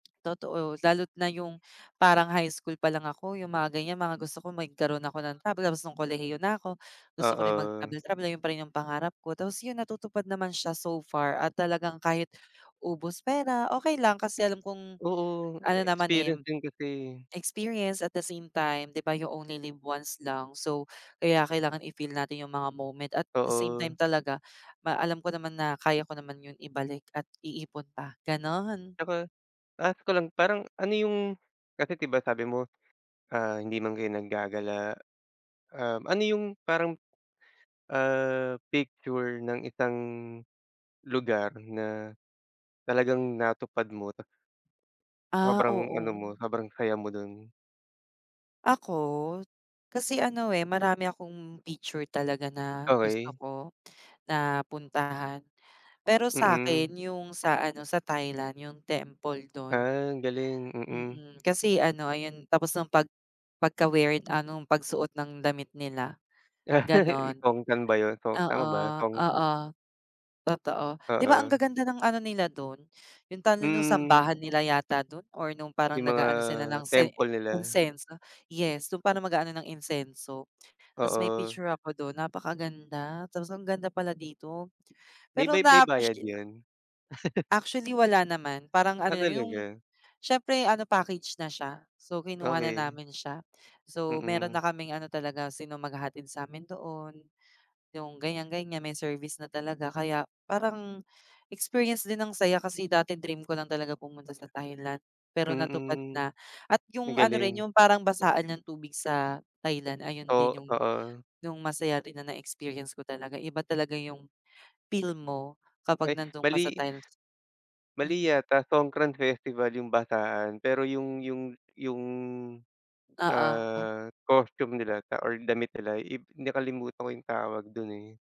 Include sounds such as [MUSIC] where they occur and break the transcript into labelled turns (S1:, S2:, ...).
S1: Totoo. Lalo't na yung parang high school pa lang ako, yung mga ganyan, mga gusto ko magkaroon ako ng travel, tapos ng kolehiyo na ako, gusto ko rin
S2: Oo.
S1: mag-travel-travel ay yun pa rin yung pangarap ko. Tapos yun, natutupad naman siya so far at talagang kahit ubos pera okey lang, kasi alam kong
S2: Oo.
S1: ano
S2: Eh,
S1: naman eh,
S2: experience din kasi.
S1: experience, at the same time di ba, "You only live once" lang, so kaya kailangan i-feel natin yung mga moment, at the same
S2: Oo.
S1: time talaga ma alam ko naman na kaya ko naman yung ibalik at iipon pa, ganun.
S2: Ako, ask ko lang parang ano yung kasi di ba, sabi mo ah, hindi man kayo naggagala um, ano yung parang, ah, picture ng isang lugar na talagang natupad mo tas
S1: Ah,
S2: sobrang ano
S1: oo.
S2: mo, sobrang saya mo dun?
S1: Ako, kasi ano eh, marami akong picture talaga na gusto
S2: Okey.
S1: ko na puntahan. Pero sakin,
S2: Mm.
S1: yung sa ano sa Thailand, yung temple dun.
S2: Ah, galing. Mm.
S1: Mm, kasi ano ayun tapos nung pag pagka-weird ah, nong pagsuot ng damit nila,
S2: [LAUGHS]
S1: ganon.
S2: Tongsan ba yun, so tama ba?
S1: Oo,
S2: Tong
S1: oo totoo. 'Di ba ang
S2: Oo.
S1: gaganda ng ano nila dun, yung tawag sa nung
S2: Hmm.
S1: sambahan nila yata dun or nung parang
S2: Yung mga
S1: nag-aano sila ng sen
S2: temple nila.
S1: insienso, yes, nung parang mag-aano ng insienso tapos may
S2: Oo.
S1: picture ako dun, napakaganda, tapos ang ganda pala dito.
S2: May
S1: Pero
S2: ba may bayad
S1: na-appreciate
S2: 'yon? [CHUCKLES]
S1: Actually wala naman, parang ano
S2: Ah,
S1: lang yung
S2: talaga?
S1: siyempre ano package na siya so kinuha na
S2: Okey.
S1: namin siya. So, meron
S2: Mm.
S1: na kaming ano talaga sino maghahatid sa amin doon, yung ganyan ganyan may service na talaga. Kaya parang experience din ang saya kasi dati dream ko lang talaga pumunta sa Thailand, pero natupad
S2: Mm.
S1: na at
S2: Ang
S1: yung ano rin
S2: galing.
S1: yung parang basaan ng tubig sa Thailand, ayun
S2: Oh,
S1: din yung
S2: oo.
S1: yung masaya rin na na-experience ko, iba talaga yung feel mo kapag
S2: Ay
S1: nandun ka sa
S2: mali.
S1: Thailand.
S2: Mali
S1: Mm.
S2: yata, Songkran festival yung basaan pero yung yung yung
S1: Oo.
S2: ah, costume nila sa or damit nila i nakalimutan ko yung tawag dun, eh.